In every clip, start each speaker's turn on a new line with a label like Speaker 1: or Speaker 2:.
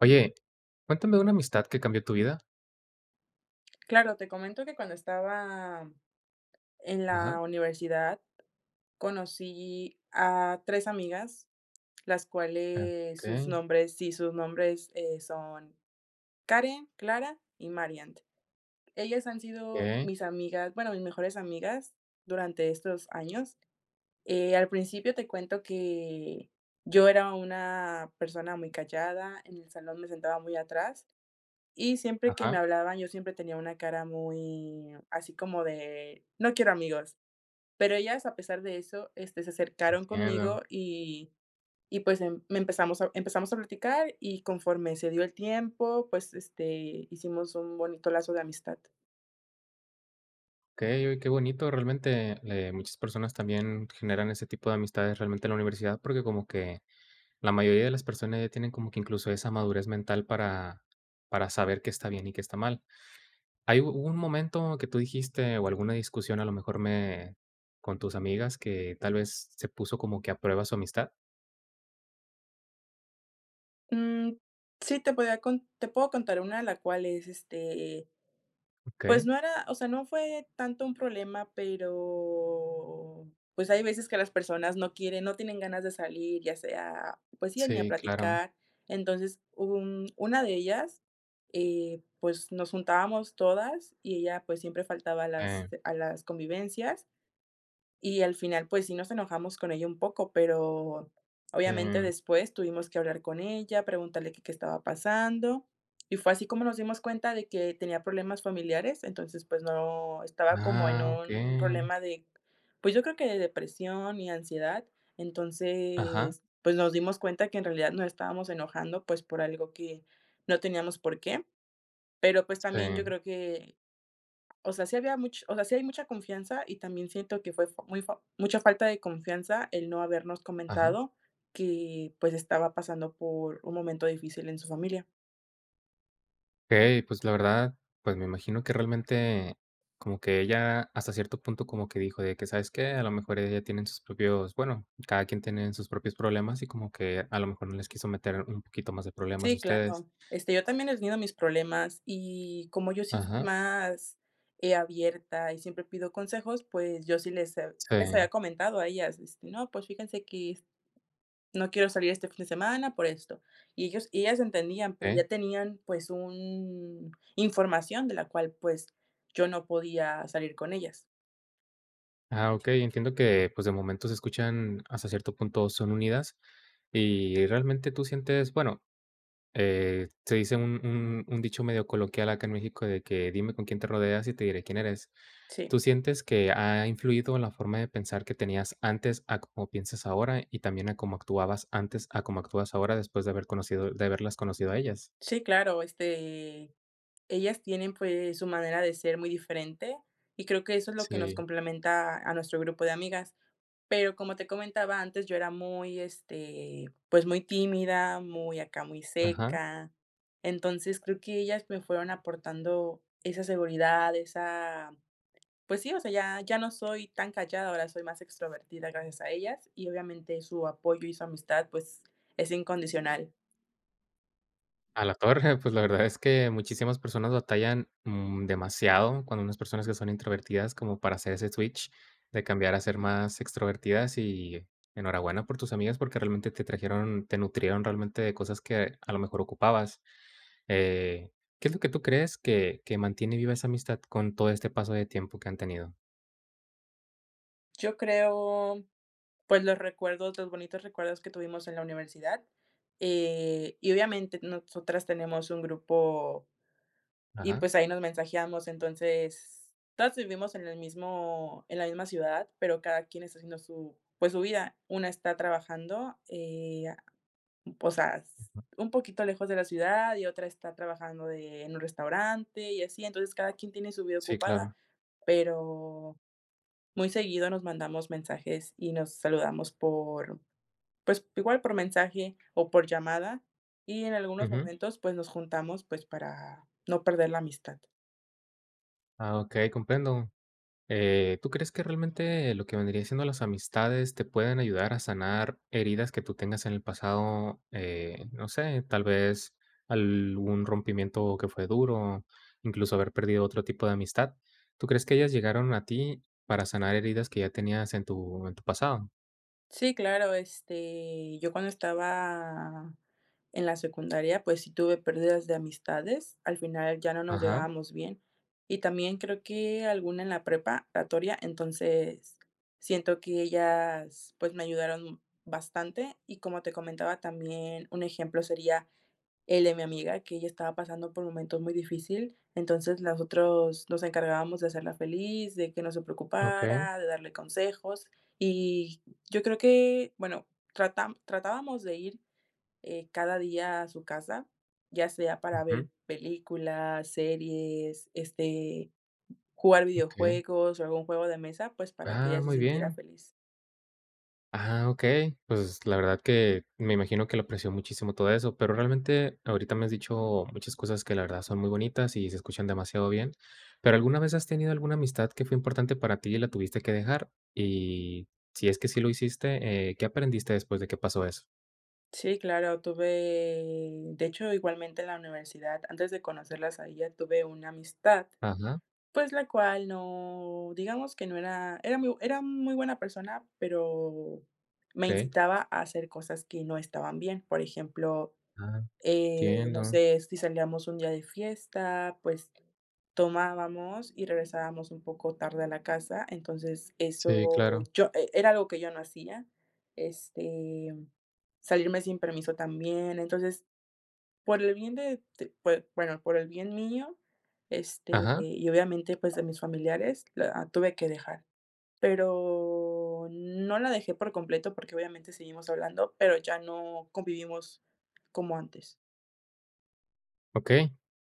Speaker 1: Oye, cuéntame una amistad que cambió tu vida.
Speaker 2: Claro, te comento que cuando estaba en
Speaker 1: Ajá.
Speaker 2: la universidad conocí a 3 amigas, las cuales sus
Speaker 1: Okey.
Speaker 2: nombres Sí, sus nombres, eh, son Karen, Clara y Mariant. Ellas han sido
Speaker 1: Okey.
Speaker 2: mis amigas, bueno, mis mejores amigas durante estos años, eh, al principio te cuento que yo era una persona muy callada, en el salón me sentaba muy atrás y siempre que me
Speaker 1: Ajá.
Speaker 2: hablaban yo siempre tenía una cara muy, así como de no quiero amigos. Pero ellas a pesar de eso, este, se acercaron
Speaker 1: Entiendo.
Speaker 2: conmigo y y pues em me empezamos empezamos a platicar y conforme se dio el tiempo, pues, este, hicimos un bonito lazo de amistad.
Speaker 1: Okey, oye, qué bonito, realmente, eh, muchas personas también generan ese tipo de amistades realmente en la universidad porque como que la mayoría de las personas ya tienen como que incluso esa madurez mental para para saber qué está bien y qué está mal. ¿Hay hubo un momento que tú dijiste o alguna discusión, a lo mejor me con tus amigas, que tal vez se puso como que a prueba su amistad?
Speaker 2: Mm, sí, te podría cont te puedo contar una, la cual es, este, pues,
Speaker 1: Okey.
Speaker 2: no era, o sea, no fue tanto un problema, pero pues, hay veces que las personas no quieren no tienen ganas de salir, ya sea, pues sí, ni a
Speaker 1: Sí, claro.
Speaker 2: platicar. Entonces, hubo un una de ellas, eh, pues, nos juntábamos todas y ella, pues, siempre faltaba a las
Speaker 1: Eh.
Speaker 2: a las convivencias. Y al final, pues, sí nos enojamos con ella un poco, pero obviamente
Speaker 1: Sí.
Speaker 2: después tuvimos que hablar con ella, preguntarle que qué estaba pasando y fue así como nos dimos cuenta de que tenía problemas familiares, entonces, pues, no, estaba como en
Speaker 1: Ah,
Speaker 2: un
Speaker 1: okey.
Speaker 2: problema de, pues, yo creo que de depresión y ansiedad.
Speaker 1: Ajá.
Speaker 2: Entonces, pues, nos dimos cuenta que en realidad nos estábamos enojando, pues, por algo que no teníamos por qué. Pero, pues, también yo
Speaker 1: Sí.
Speaker 2: creo que, o sea, sí había much o sea, sí hay mucha confianza y también siento que fue fo muy fo mucha falta de confianza el no habernos
Speaker 1: Ajá.
Speaker 2: comentado que, pues, estaba pasando por un momento difícil en su familia.
Speaker 1: Ey, pues, la verdad, pues, me imagino que realmente, como que ella, hasta cierto punto, como que dijo de que, ¿sabes qué? A lo mejor ella tiene sus propios, bueno, cada quien tiene sus propios problemas y como que, a lo mejor no les quiso meter un poquito más de problemas a
Speaker 2: Sí,
Speaker 1: ustedes.
Speaker 2: claro, este, yo también he tenido mis problemas, y, como yo sí soy
Speaker 1: Ajá.
Speaker 2: más, eh, abierta, y siempre pido consejos, pues, yo sí les he sí les
Speaker 1: Sí.
Speaker 2: había comentado a ellas, este, no, pues, fíjense que, no quiero salir este fin de semana por esto. Y ellos y ellas entendían, pero ya
Speaker 1: Ey.
Speaker 2: tenían, pues, un información de la cual, pues, yo no podía salir con ellas.
Speaker 1: Ah, okey, entiendo que, pues, de momento se escuchan, hasta cierto punto, son unidas, y, realmente tú sientes, bueno, eh, se dice un un un dicho medio coloquial acá en México de que, "Dime con quién te rodeas y te diré quién eres",
Speaker 2: Sí.
Speaker 1: ¿tú sientes que ha influido en la forma de pensar que tenías antes a como piensas ahora, y también a cómo actuabas antes a cómo actúas ahora después de haber conocido de haberlas conocido a ellas?
Speaker 2: Sí, claro, este, ellas tienen, pues, su manera de ser muy diferente, y creo que eso es lo que nos
Speaker 1: Sí.
Speaker 2: complementa a nuestro grupo de amigas. Pero, como te comentaba antes, yo era muy, este, pues, muy tímida, muy acá, muy
Speaker 1: Ajá.
Speaker 2: seca. Entonces, creo que ellas me fueron aportando esa seguridad, esa, pues sí, o sea, ya ya no soy tan callada, ahora soy más extrovertida gracias a ellas, y, obviamente, su apoyo y su amistad, pues, es incondicional.
Speaker 1: A la torre, pues, la verdad es que, muchísimas personas batallan, mm, demasiado cuando unas personas que son introvertidas, como para hacer ese switch, de cambiar a ser más extrovertidas, y, enhorabuena por tus amigas, porque realmente te trajeron, te nutrieron realmente de cosas que, a lo mejor ocupabas. Eh, ¿qué es lo que tú crees que que mantiene viva esa amistad con todo este paso de tiempo que han tenido?
Speaker 2: Yo creo, pues, los recuerdos, los bonitos recuerdos que tuvimos en la universidad, eh, y obviamente nosotras tenemos un grupo, y
Speaker 1: Ajá.
Speaker 2: pues ahí nos mensajeamos, entonces, todas vivimos en el mismo en la misma ciudad, pero cada quien está haciendo su, pues, su vida. Una está trabajando, eh, ah, o sea, s
Speaker 1: Ujú.
Speaker 2: un poquito lejos de la ciudad, y otra está trabajando de, en un restaurante y así. Entonces, cada quien tiene su vida
Speaker 1: Sí,
Speaker 2: ocupada,
Speaker 1: claro.
Speaker 2: pero, muy seguido nos mandamos mensajes y nos saludamos por, pues, igual por mensaje o por llamada, y en algunos
Speaker 1: Ujú.
Speaker 2: momentos, pues, nos juntamos, pues, para no perder la amistad.
Speaker 1: Ah, okey, comprendo. Eh, ¿tú crees que realmente lo que vendría siendo las amistades te pueden ayudar a sanar heridas que tú tengas en el pasado? Eh, no sé, tal vez, algún rompimiento que fue duro, incluso haber perdido otro tipo de amistad, ¿tú crees que ellas llegaron a ti para sanar heridas que ya tenías en tu en tu pasado?
Speaker 2: Sí, claro, este, yo cuando estaba en la secundaria, pues, sí tuve pérdidas de amistades. Al final ya no nos
Speaker 1: Ajá.
Speaker 2: llevábamos bien. Y también creo que alguna en la preparatoria, entonces siento que ellas, pues, me ayudaron, bastante. Y como te comentaba, también, un ejemplo, sería el de mi amiga, que ella estaba pasando por momentos muy difícil. Entonces, las otros nos encargábamos de hacerla feliz, de que no se
Speaker 1: Okey.
Speaker 2: preocupara, de darle consejos. Y yo creo que, bueno, tratá tratábamos de ir, eh, cada día a su casa, ya sea para ver
Speaker 1: Ujú.
Speaker 2: películas, series, este, jugar
Speaker 1: Okey.
Speaker 2: videojuegos o algún juego de mesa, pues, para que ella
Speaker 1: Ah,
Speaker 2: se
Speaker 1: muy
Speaker 2: sintiera
Speaker 1: bien.
Speaker 2: feliz.
Speaker 1: Ah, okey. Pues, la verdad que me imagino que le apreció muchísimo todo eso, pero realmente ahorita me has dicho muchas cosas que la verdad son muy bonitas y se escuchan demasiado bien. Pero, ¿alguna vez has tenido alguna amistad que fue importante para ti y la tuviste que dejar? Y si es que sí lo hiciste, eh, ¿qué aprendiste después de que pasó eso?
Speaker 2: Sí, claro. Tuve, de hecho, igualmente en la universidad, antes de conocerlas a ellas tuve una amistad,
Speaker 1: Ajá.
Speaker 2: pues, la cual no digamos que no era era muy era muy buena persona, pero me
Speaker 1: Okey.
Speaker 2: incitaba a hacer cosas que no estaban bien. Por ejemplo,
Speaker 1: Ah.
Speaker 2: eh, no
Speaker 1: Entiendo.
Speaker 2: sé, si salíamos un día de fiesta, pues, tomábamos y regresábamos un poco tarde a la casa, entonces
Speaker 1: Sí,
Speaker 2: eso
Speaker 1: claro.
Speaker 2: yo e era algo que yo no hacía, este, salirme sin permiso también, entonces, por el bien de t bueno, por el bien mío, este,
Speaker 1: Ajá.
Speaker 2: y obviamente, pues, de mis familiares la tuve que dejar. Pero no la dejé por completo porque obviamente seguimos hablando, pero ya no convivimos como antes.
Speaker 1: Okey,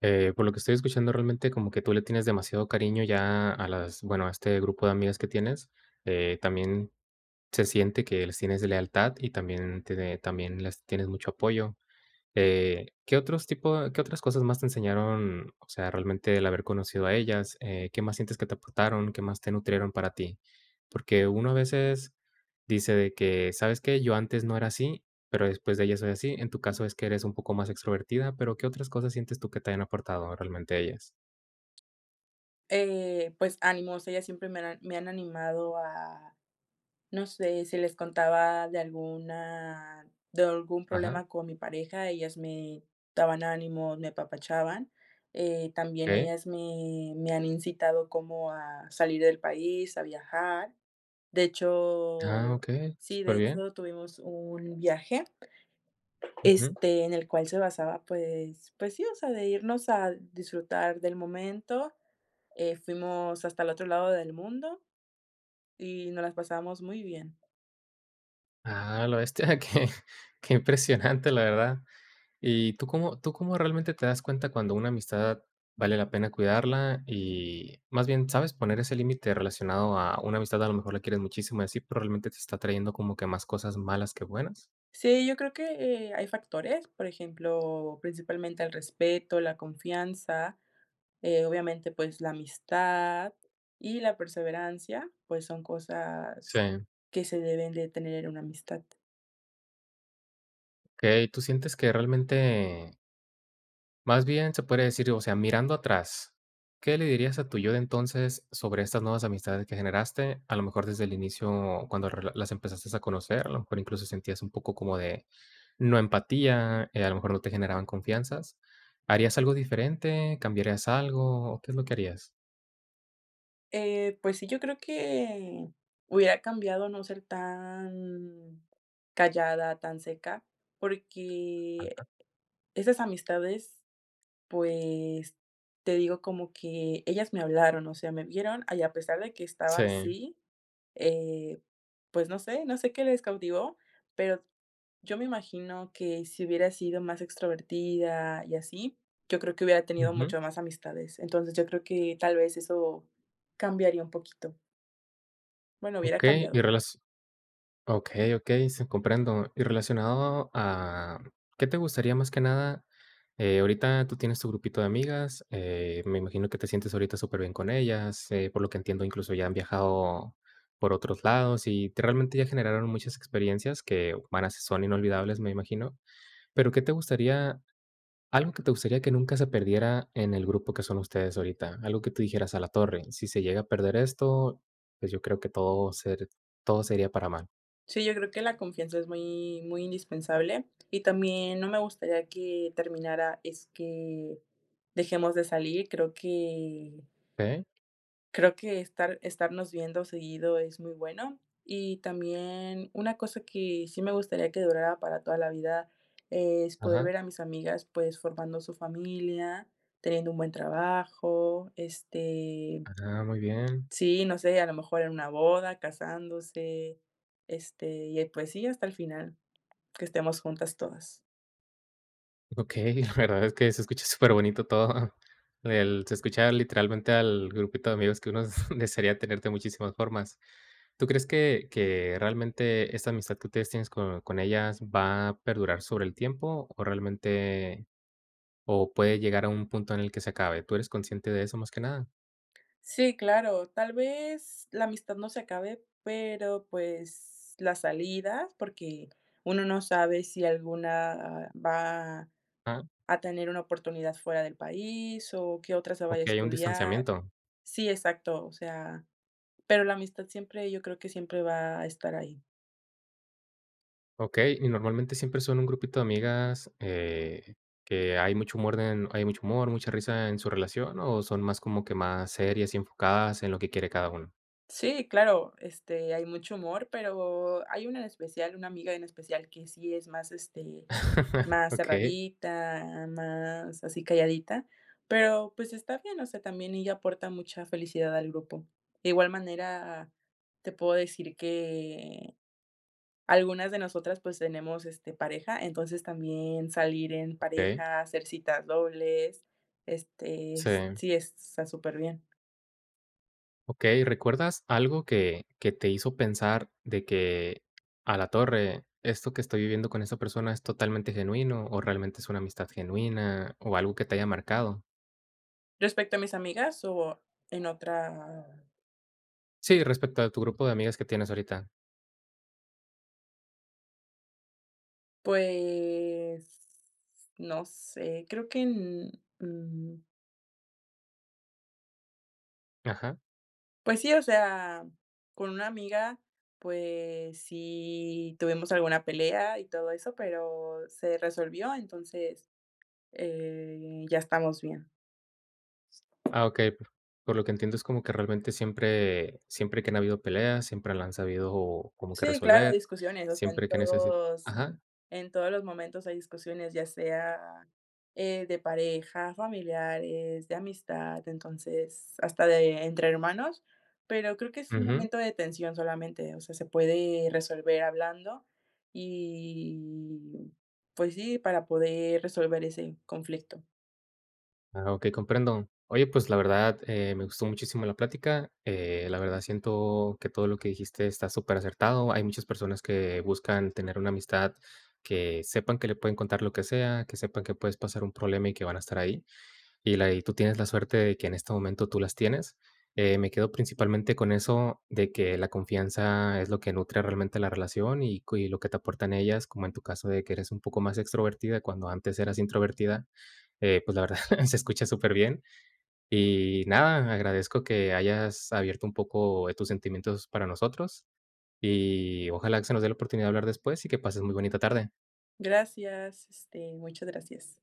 Speaker 1: eh, por lo que estoy escuchando, realmente, como que tú le tienes demasiado cariño ya a las, bueno, a este grupo de amigas que tienes, eh, también se siente que les tienes lealtad y también te de también les tienes mucho apoyo, eh, ¿qué otros tipos qué otras cosas más te enseñaron? O sea, realmente el haber conocido a ellas, eh, ¿qué más sientes que te aportaron? ¿Qué más te nutrieron para ti? Porque uno a veces dice de que: "¿Sabes qué? Yo antes no era así, pero después de ellas soy así". En tu caso es que eres un poco más extrovertida, pero ¿qué otras cosas sientes tú que te hayan aportado realmente ellas?
Speaker 2: Eh, pues, ánimos, ellas siempre me han an me han animado a, no sé, si les contaba de alguna de algún
Speaker 1: Ajá.
Speaker 2: problema con mi pareja, ellas me daban ánimo, me apapachaban. Eh, también
Speaker 1: Okey.
Speaker 2: ellas me me han incitado como a salir del país, a viajar. De
Speaker 1: Ah,
Speaker 2: hecho
Speaker 1: okey,
Speaker 2: sí, de
Speaker 1: superbién.
Speaker 2: hecho, tuvimos un viaje,
Speaker 1: Ujú.
Speaker 2: este, en el cual se basaba, pues pues sí, o sea, de irnos al disfrutar del momento. Eh, fuimos hasta el otro lado del mundo, y nos las pasamos muy bien.
Speaker 1: Ah a la bestia, que que impresionante, la verdad, ¿y tú cómo tú cómo realmente te das cuenta cuando una amistad vale la pena cuidarla? Y, más bien, ¿sabes poner ese límite relacionado a una amistad? A lo mejor la quieres muchísimo, y así, pero, ¿realmente te está trayendo como que más cosas malas, que buenas?
Speaker 2: Sí, yo creo que, eh, hay factores, por ejemplo, principalmente el respeto, la confianza, eh, obviamente, pues, la amistad y la perseverancia, pues, son cosas
Speaker 1: Sí.
Speaker 2: que se deben de tener en una amistad.
Speaker 1: Okey, tú sientes que realmente más bien, se podría decir, o sea, mirando atrás, ¿qué le dirías a tu yo de entonces sobre estas nuevas amistades que generaste? A lo mejor desde el inicio cuando re las empezaste a conocer, a lo mejor incluso sentías un poco como de, no empatía, eh, a lo mejor no te generaban confianzas, ¿harías algo diferente? ¿Cambiarías algo? ¿O qué es lo que harías?
Speaker 2: Eh, pues sí, yo creo que, hubiera cambiado no ser tan callada, tan seca,
Speaker 1: Ajá.
Speaker 2: porque, esas amistades, pues, te digo, como que ellas me hablaron, o sea, me vieron, y a pesar de que estaba
Speaker 1: Sí.
Speaker 2: así, eh, pues no sé no sé qué les cautivó, pero, yo me imagino que, si hubiera sido más extrovertida y así, yo creo que hubiera tenido
Speaker 1: Ujú.
Speaker 2: mucho más amistades, entonces yo creo que tal vez eso, cambiaría un poquito. Bueno, hubiera
Speaker 1: Okey,
Speaker 2: cambiado.
Speaker 1: y relas okey, okey, sí, comprendo, y relacionado a, ¿qué te gustaría más que nada? Eh, ahorita tú tienes tu grupito de amigas, eh, me imagino que te sientes ahorita súper bien con ellas, eh, por lo que entiendo incluso ya han viajado, por otros lados, y te realmente ya generaron muchas experiencias que, van a s son inolvidables, me imagino. Pero, ¿qué te gustaría? ¿Algo que te gustaría que nunca se perdiera en el grupo que son ustedes ahorita? Algo que tú dijeras: "A la torre, si se llega a perder esto, pues, yo creo que todo ser todo sería para mal".
Speaker 2: Sí, yo creo que la confianza es muy, muy indispensable, y también no me gustaría que, terminara es que, dejemos de salir. Creo que
Speaker 1: Okey.
Speaker 2: creo que estar estarnos viendo seguido es muy bueno, y también una cosa que, sí me gustaría que durara para toda la vida es, poder
Speaker 1: Ajá.
Speaker 2: ver a mis amigas, pues, formando su familia, teniendo un buen trabajo, este,
Speaker 1: Ah, muy bien.
Speaker 2: sí, no sé, a lo mejor en la boda, casándose, este, y ya pues sí, hasta el final, que estemos juntas todas.
Speaker 1: Okey, la verdad es que se escucha superbonito todo. El se escucha literalmente al grupito de amigos que uno desearía tener de muchísimas formas. ¿Tú crees que que realmente esta amistad que ustedes tienes con con ellas va a perdurar sobre el tiempo? ¿O realmente? o, ¿puede llegar a un punto en el que se acabe? ¿Tú eres consciente de eso más que nada?
Speaker 2: Sí, claro, tal vez la amistad no se acabe, pero, pues, la salida porque uno no sabe si alguna va
Speaker 1: Ah.
Speaker 2: a tener una oportunidad fuera del país, o que otra se vaya a
Speaker 1: Okey, un
Speaker 2: estudiar
Speaker 1: distanciamiento.
Speaker 2: Sí, exacto, o sea, pero la amistad siempre, yo creo que siempre va a estar ahí.
Speaker 1: Okey, y ¿normalmente siempre son un grupito de amigas, eh, que hay mucho humor den hay mucho humor, mucha risa en su relación, o son más como que más serias y enfocadas en lo que quiere cada una?
Speaker 2: Sí, claro, este, hay mucho humor, pero hay una en especial, una amiga en especial que sí es más, este, más
Speaker 1: Okey.
Speaker 2: cerradita, más así calladita, pero, pues, está bien, o sea, también ella aporta mucha felicidad al grupo. De igual manera, te puedo decir que algunas de nosotras, pues, tenemos, este, pareja, entonces también salir en
Speaker 1: Okey.
Speaker 2: pareja, hacer citas dobles, este
Speaker 1: Sí.
Speaker 2: sí es s está súper bien.
Speaker 1: Okey, ¿recuerdas algo que que te hizo pensar de que: "A la torre, esto que estoy viviendo con esa persona es totalmente genuino", o realmente es una amistad genuina, o algo que te haya marcado?
Speaker 2: ¿Respecto a mis amigas?, o en otra
Speaker 1: Sí, respecto a tu grupo de amigas que tienes ahorita.
Speaker 2: Pues, no sé, creo que n mm
Speaker 1: Ajá.
Speaker 2: Pues sí, o sea, con una amiga, pues, sí tuvimos alguna pelea y todo eso, pero se resolvió, entonces, eh, ya estamos bien.
Speaker 1: Ah, okey, por por lo que entiendo es como que realmente siempre siempre que han habido peleas, siempre la han sabido como que
Speaker 2: Sí, claro, hay
Speaker 1: resolver,
Speaker 2: discusiones, o sea, en
Speaker 1: siempre que necesit
Speaker 2: todos
Speaker 1: Ajá.
Speaker 2: en todos los momentos hay discusiones, ya sea, eh, de pareja, familiares, de amistad, entonces, hasta de entre hermanos, pero creo que es un
Speaker 1: Ujú.
Speaker 2: momento de tensión solamente, o sea, se puede resolver hablando y, pues sí, para poder resolver ese conflicto.
Speaker 1: Ah, okey, comprendo. Oye, pues, la verdad, eh, me gustó muchísimo la plática, eh, la verdad, siento que todo lo que dijiste está súper acertado. Hay muchas personas que buscan tener una amistad, que sepan que le pueden contar lo que sea, que sepan que puedes pasar un problema y que van a estar ahí. Y la y tú tienes la suerte de que en este momento tú las tienes, eh, me quedo principalmente con eso de que la confianza es lo que nutre realmente la relación y cui lo que te aportan ellas, como en tu caso de que eres un poco más extrovertida cuando antes eras introvertida, eh, pues, la verdad, se escucha súper bien. Y nada, agradezco que hayas abierto un poco, eh, tus sentimientos para nosotros, Y ojalá que se nos dé la oportunidad de hablar después y que pases muy bonita tarde.
Speaker 2: Gracias, este, muchas gracias.